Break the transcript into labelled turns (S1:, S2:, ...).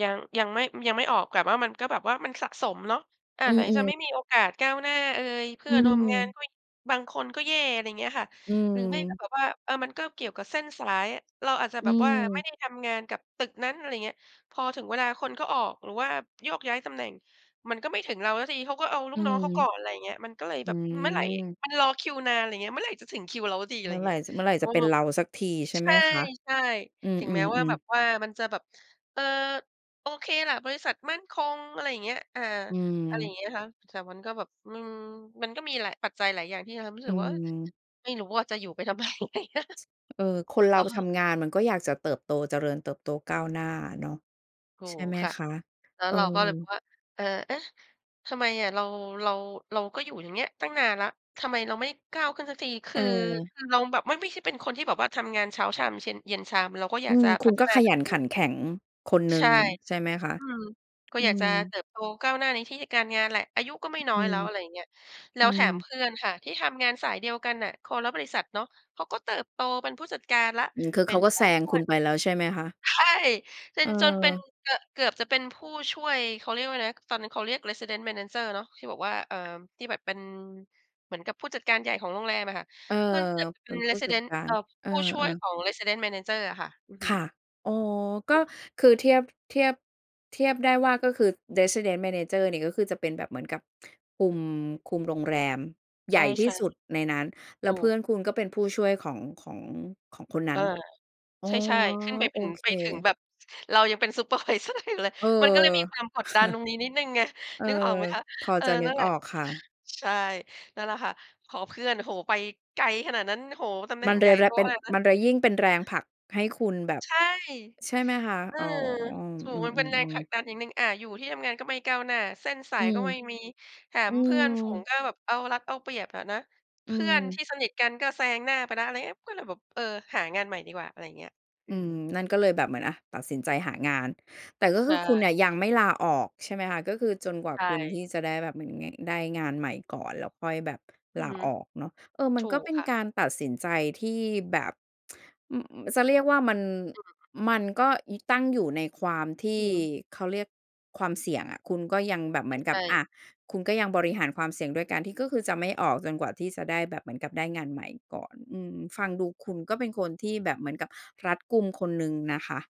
S1: ยัง ยังไม่ อืม ยังไม่ออก แต่ ว่ามันก็แบบว่ามันสะสมเนาะ อา
S2: อื
S1: ไหนจะไม
S2: ม ๆ
S1: ่มีโอกาสก้าวหน้าเอย เพื
S2: อ
S1: ่
S2: ื
S1: อนร่วมงาน
S2: ม
S1: ด้วย บางคนก็แย่ อะไรเงี้ยค่ะ
S2: อื
S1: หรือไม่แบบ
S2: ม
S1: แบบว่า เออ มันก็เกี่ยวกับเส้นสาย เราอาจจะ
S2: อ
S1: แ
S2: ื
S1: บบว่าไม่
S2: ม
S1: ได้ทำงานกับตึกนั้น อะไรอย่างเงี้ย พอถึงเวลาคนเขาออกหรือว่าโยกย้ายตำแหน่ง มันก็ไม่ถึงเราสักที เขาก็เอาล
S2: อ
S1: ู
S2: ื
S1: กน้อง
S2: ม
S1: เขาก่อน อะไรอย่างเงี้ย มันก็เลย
S2: อ
S1: แ
S2: ื
S1: บบเมื่อไร
S2: ม
S1: มันรอคิวนาน อะไรเงี้ย เมื่อไรจะถึงคิวเราสักที? อะ
S2: เ
S1: ไ
S2: ม
S1: ร
S2: ื่
S1: อย
S2: อ
S1: ่า
S2: ไห
S1: ง
S2: ร
S1: เง
S2: ่
S1: ี้ย
S2: จะ เมื่อไหร่
S1: อื
S2: จะเป็
S1: ม
S2: นเราสักที ใช่
S1: ใ
S2: ไหมคะ
S1: ช่
S2: อื
S1: ๆ ถึงแม้ว่า
S2: ม
S1: แบ
S2: ๆ ๆ
S1: บว่ามันจะแบบ เออ โอเคแหละ บริษัทมั่นคง อะไรอย่างเงี้ย อ่า
S2: อื
S1: อะไรอย่า
S2: ม
S1: งเงี้ยนะคะ แต่มันก็แบบ อืม มันก็มีหลาย ปัจจัยหลายอย่างที่ทำให้รู้
S2: อ
S1: ส
S2: ื
S1: ึกว่า เอ๊ย
S2: ม
S1: ไม่รู้ว่าจะอยู่ไปทำไม
S2: เออ คนเร
S1: อ
S2: า
S1: ะฮ
S2: ท
S1: ะ
S2: ำงานมันก็อยากจะเติบโต เจริญเติบโตก้าวหน้าเนาะ
S1: ถู
S2: ใช่
S1: ก
S2: ไหม
S1: ค่ะ
S2: คะ
S1: แล้ว
S2: เออ
S1: เราก็เลยบอกว่า "เออ เอ๊ะ! ทำไมอะ เรา เรา เราก็อยู่อย่างเงี้ยตั้งนานแล้ว ทำไมเราไม่ก้าวขึ้นสักที?" คือ
S2: เออ
S1: คือเราแบบไม่ ไม่ใช่เป็นคนที่แบบว่า ทำงานเช้าชาม เช็น เย็นชาม เราก็อย
S2: อ
S1: า
S2: ื
S1: ก
S2: ม
S1: จะ
S2: ค
S1: พ
S2: ุ
S1: ั
S2: ณ
S1: ฒ
S2: ก็
S1: นา
S2: ข
S1: ต
S2: ย
S1: ั
S2: ั
S1: วเ
S2: น
S1: อ
S2: ขั
S1: ง
S2: นแข็งคนหนึ
S1: ใช
S2: ่ง
S1: ่
S2: ใช่ไหมคะ
S1: อืม ก็
S2: อื
S1: อยากจ
S2: ม
S1: ะเติบโตก้าวหน้าในที่ การงานแหละ อายุก็ไม
S2: อ
S1: ่น้
S2: อ
S1: อ
S2: ื
S1: ยแ
S2: ม
S1: ล้ว อะไรอย่างเงี้ย แล้
S2: อื
S1: วแถมเ
S2: ม
S1: พื่อนค่ะ ที่ทำงานสายเดียวกันน่ะ คนละบริษัทเนาะ เขาก็เติบโตเป็นผู้จัดการแล้ว
S2: อืม คือ
S1: เป
S2: เ
S1: ็
S2: ขา
S1: น
S2: ก็
S1: ผู
S2: แซ
S1: ้
S2: ง
S1: ช่
S2: ค
S1: ว
S2: ุ
S1: ย
S2: ณไปแล้วใช่ไหมคะ?
S1: ใช่ เป็น จนเป็น
S2: เออ
S1: ก เกือบจะเป็นผู้ช่วย เขาเรียกว่าอะไรนะ ตอนนั้นเขาเรียก Resident manager เนาะ ที่บอกว่า เอ่อ ที่แบบเป็นเหมือนกับผู้จัดการใหญ่ของโรงแรมอะค่ะ
S2: เออ
S1: ก็เกือบจะเป
S2: เป
S1: ็
S2: ็
S1: น
S2: นผู้จัด
S1: Resident
S2: กา
S1: เอ
S2: ร
S1: ่อ
S2: เออ
S1: ผู้ช่วยข
S2: ๆ
S1: อง Resident manager อะค่ะ อือฮ
S2: ค่
S1: ึ
S2: ะ อ๋อ ก
S1: อ
S2: ็
S1: ืม
S2: คือเทียบ เทียบ เทียบได้ว่าก็คือ Resident manager นี่ก็คือจะเป็นแบบเหมือนกับ คุม คุมโรงแรม ให
S1: ใช
S2: ญ่ที่
S1: ่
S2: สุดในนั้น
S1: ๆ
S2: แล
S1: ถ
S2: ้
S1: ู
S2: วเพื่อ
S1: ก
S2: นคุณก็เป็นผู้ช่วยของ ของ ของคนน
S1: เอ
S2: ั้น
S1: อ
S2: อ๋อ
S1: ใช่ ๆ ขึ้นไป
S2: โอ
S1: ถึง
S2: เค
S1: ไปถึงแบบเรายังเป็น Supervisor อยู่เลย
S2: เอ
S1: มันก็
S2: อ
S1: เลยมีความกดดันตรงนี้นิดหนึ่งไง
S2: เออ
S1: นึกออกไหมคะ?
S2: พอ
S1: เออ
S2: จะนึ
S1: นั
S2: ก
S1: ่นแหล
S2: อ
S1: ะ
S2: อกค่ะ
S1: ใช่ นั่นแหละค่ะ ขอเพื่อน โอ้โฮ ไปไกลขนาดนั้น โอ้โฮ ตำแหน
S2: ม
S1: ่
S2: ั
S1: ง
S2: นเ
S1: ใ
S2: ล
S1: หญ่
S2: ยแ
S1: โ
S2: ล
S1: ต
S2: เป็
S1: ข
S2: น
S1: นาดนั้
S2: ม
S1: น
S2: ันเลยยิ่งเป็นแรงผลักให้คุณแบบ
S1: ใช่
S2: ใช่ไหมคะ
S1: เออ
S2: อ๋อ
S1: ถู
S2: อื
S1: ก มันเป็นแรง
S2: ม
S1: ผล
S2: ๆ
S1: ัก
S2: ๆ
S1: ดันอย่างหนึ่ง อะ อยู่ที่ทำงานก็ไม่ก้าวหน้า เส้นส
S2: อ
S1: า
S2: ื
S1: ยก
S2: ม
S1: ็ไม่มี แถ
S2: อื
S1: มเพื่อนฝูง
S2: ม
S1: ก็แบบเอารัดเอาเปรียบอะนะ
S2: อื
S1: เพื่อน
S2: ม
S1: ที่สนิทกันก็แซงหน้าไปแล้ว อะไรอย่างเงี้ย ก็เลยแบบ เออ หางานใหม่ดีกว่า อะไรเงี้ย อ
S2: อ
S1: ื
S2: ื
S1: ม
S2: ม นั่นก็เลยแบบเหมือน อะ ตัดสินใจหางาน แต่ก็
S1: ใช
S2: คือคุณเน
S1: ่
S2: ี่ยยังไม่ลาออกใช่ไหมคะ? ก็คือจนกว่า
S1: ใช
S2: คุณท
S1: ่
S2: ี่จะได้แบบเหมือนไง ได้งานใหม่ก่อน แล้วค่อยแบบ
S1: อื
S2: ล
S1: อ
S2: า
S1: ฮึ
S2: ออกเนาะ เออ มั
S1: ถ
S2: น
S1: ู
S2: ก็
S1: ก
S2: เป็น
S1: ค่ะ
S2: การตัดสินใจที่แบบ อ อืม จะเรียกว่ามัน
S1: อืม
S2: มันก็ ย ตั้งอยู่ในความที
S1: อื
S2: ่
S1: ม
S2: เขาเรียกความเสี่ยงอะ คุณก็ยังแบบเหมือนก
S1: ใช
S2: ับ
S1: ่
S2: อ
S1: ๆ
S2: ะ คุณก็ยังบร
S1: อ
S2: ิ
S1: ืม
S2: หารความเสี่ยงด้วยการที่ ก็คือจะไม่ออกจนกว่าที่จะได้แบบเหมือนกับได้งานใหม่ก่อน อืม ฟังดูคุณก็เป็นคนที่แบบเหมือนกับรัดกุมคนหนึ่งนะคะ